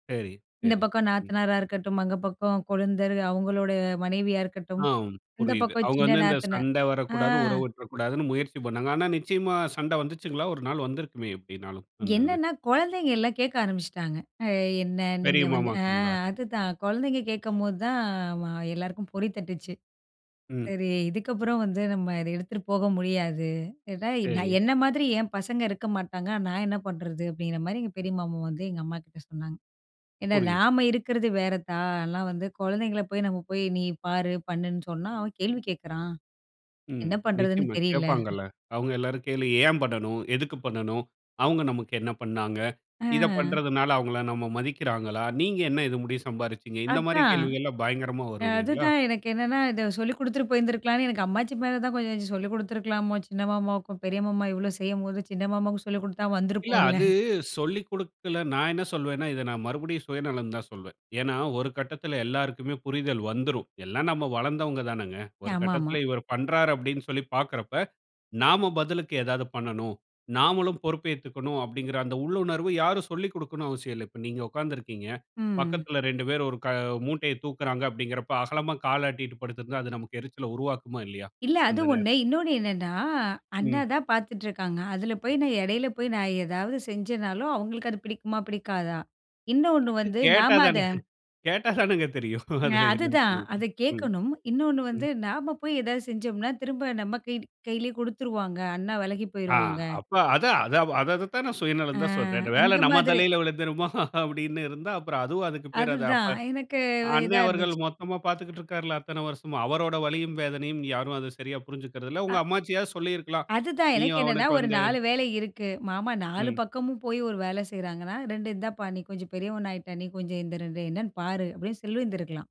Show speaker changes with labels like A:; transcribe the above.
A: சரி,
B: இந்த
A: சரி.
B: பக்கம்
A: ம்.
B: நாத்தனாரா இருக்கட்டும், அங்க பக்கம் கொழுந்தரு, அவுங்களோட மனைவியா இருக்கட்டும்,
A: ஆம்,
B: இந்த
A: புரியுது.
B: பக்கம்
A: அவுங்க
B: சின்ன
A: வந்து இந்த
B: நாத்தனா
A: சண்ட
B: ஆ.
A: வரக்கூடாது, உறவு உட்றக்கூடாதுன்னு முயற்சி பண்ணாங்க. ஆனா நிச்சியமா, சண்ட வந்துச்சுங்களா? ஒரு நாள் வந்திருக்குமே! எப்படின்னாலும், அந்த இது.
B: என்னான்னா, குழந்தைங்க எல்லாம் கேக்க ஆரம்பிச்சுட்டாங்க. அ என்னா?
A: பெரிய
B: நீங்க வந்து அ
A: மாமாக்குங்களா?
B: அதுதான் கொழந்தைங்க கேக்கும்போது தான் ஆமா எல்லாருக்கும் பொறி தட்டுச்சு.
A: ம்.
B: சரி, இதுக்கப்புறம் வந்து நம்ம அத எடுத்துட்டு போக முடியாது! இது தான், எ
A: சரி.
B: நான் என்ன மாதிரி என் பசங்க இருக்க மாட்டாங்க, நான் என்னா பண்ணுறது? அப்படிங்கிற மாரி எங்க பெரிய மாமா வந்து, எங்க அம்மாகிட்ட சொன்னாங்க. ஏன்னா,
A: புரியுது.
B: நாம இருக்கிறது வேறத்தா, அதெல்லாம் வந்து கொழந்தைங்கள போய் நம்ம போய், நீ பாரு, பண்ணுன்னு சொன்னா, அவன் கேள்வி கேட்குறான்,
A: ம்.
B: என்னா பண்றதுன்னு
A: நிச்சயமா,
B: தெரியல.
A: கேட்பாங்கள்ல! அவுங்க எல்லாரும் கேள்வி ஏன் பண்ணனும்? எதுக்கு பண்ணணும்? அவுங்க நமக்கு என்னா பண்ணாங்க? இத
B: அ.
A: பண்ணுறதனால அவுங்கள்லாம் நம்ம மதிக்கிறாங்களா? நீங்க என்னா இது முடிய சம்பாரீச்சிங்க? இந்த மாரி
B: அதான்!
A: கேள்விகள்லாம் பயங்கரமா வரும் இல்லீங்களா?
B: அதுதான், எனக்கு என்னான்னா, இத சொல்லிக் கொடுத்துட்டு போயிருந்துருக்கலாம்ன்னு, எனக்கு அம்மாச்சி மேல தான் கொஞ்சம் இத சொல்லிக் கொடுத்துருக்கலாமோ! சின்ன மாமாவுக்கும். பெரிய மாமா இவ்வளோ செய்யும்போது, சின்ன மாமாவுக்கு சொல்லிக் குடுத்தா
A: இல்ல
B: வந்திருப்போம்ல.
A: அது, சொல்லிக் குடுக்கல, நான் என்னா சொல்வேன்னா, இத நான் மறுபடியும் சுயநலம்ன்னு தான் சொல்வேன். ஏன்னா, ஒரு கட்டத்தில எல்லாருக்குமே புரிதல் வந்துரும். எல்லாம் நம்ம வளந்தவங்க தானேங்க. ஒரு
B: ஆமா ஆமா.
A: கட்டத்தில இவரு பண்றாரு அப்படின்னு சொல்லி பாக்கிறப்ப, நாம பதிலுக்கு ஏதாவது பண்ணணும், நாமளும் பொறுப்பேத்துக்கணும் அப்டிங்கற அந்த உள்ளுணர்வு யாரும் சொல்லிக் கொடுக்கணும்னு அவசியமில்ல. இப்ப நீங்க உக்காந்துருக்கீங்க,
B: ம்.
A: பக்கத்தில 2 பேரு ஒரு க மூட்டைய தூக்குகிறாங்க அப்டிங்கிறப்போ, அகலமா கால ஆட்டிட்டு படுத்திருந்தா, அது நமக்கு எரிச்சல உருவாக்குமா? இல்லயா?
B: இல்ல, அது
A: அந்த நேரத்தில.
B: ஒண்ணு. இன்னொண்ணு என்னான்னா, அண்ணா
A: ம்.
B: தான் பாத்துட்டுருக்காங்க. அதில போய் நான் எடையில போய் நான் ஏதாவது செஞ்சேன்னாலும், அவுங்களுக்கு அது பிடிக்குமா? பிடிக்காதா? இன்னொண்ணு
A: அது
B: வந்து,
A: கேட்டா
B: நாம அத
A: தானே! கேட்டா தானங்க தெரியும்,
B: அ,
A: அதுல என்னன்னு
B: அதுதான்.
A: சொல்றதுக்கு!
B: அத
A: ம்,
B: கேக்கணும். இன்னொண்ணு வந்து,
A: ம்.
B: நாம போய் ஏதாவது செஞ்சோம்ன்னா, திரும்ப நம்ம கை கைலயே குடுத்துருவாங்க. அண்ணா வெலகி
A: ஆ.
B: போய்ருவாங்க.
A: அப்ப அது அது வ அத அததான் நான்
B: ஆ.
A: சுயநலம் தான், சொல்றேன். "இந்த வேல
B: அந்த
A: நம்ம
B: மாதிரி
A: தலையில விழுந்துருமா!" அப்படின்னு இருந்தா, அப்புறம் அதுவும் அதுக்கு பேரு அது அப்ப
B: அதுதான். எனக்கு
A: அ
B: இதா
A: அண்ணன் அவர்கள்
B: இருந்துச்சு.
A: மொத்தமா பாத்துக்கிட்டு இருக்காருல்லா, அத்தன வருஷமா! அவரோட வலியும், வேதனையும் யாரும் அத சரியா புரிஞ்சக்கிறதில்ல. உங்க
B: அ
A: அம்மாச்சியாவது சொல்லிருக்கலாம்.
B: அதுதான். எனக்கு
A: நீயும்
B: என்னான்னா,
A: அவனுக்கு
B: ஒரு
A: வந்து
B: 4 வேலை இருக்கு. மாமா 4
A: ம்.
B: பக்கமும் போயி ஒரு வேல செய்றாங்கன்னா, 2 இந்தாப்பா நீ கொஞ்சம் பெரியவனா ஆயிட்ட, நீ கொஞ்சம் இந்த 2 என்னான்னு பாரு, அப்படின்னு சொல்லிருந்து இருக்கலாம்.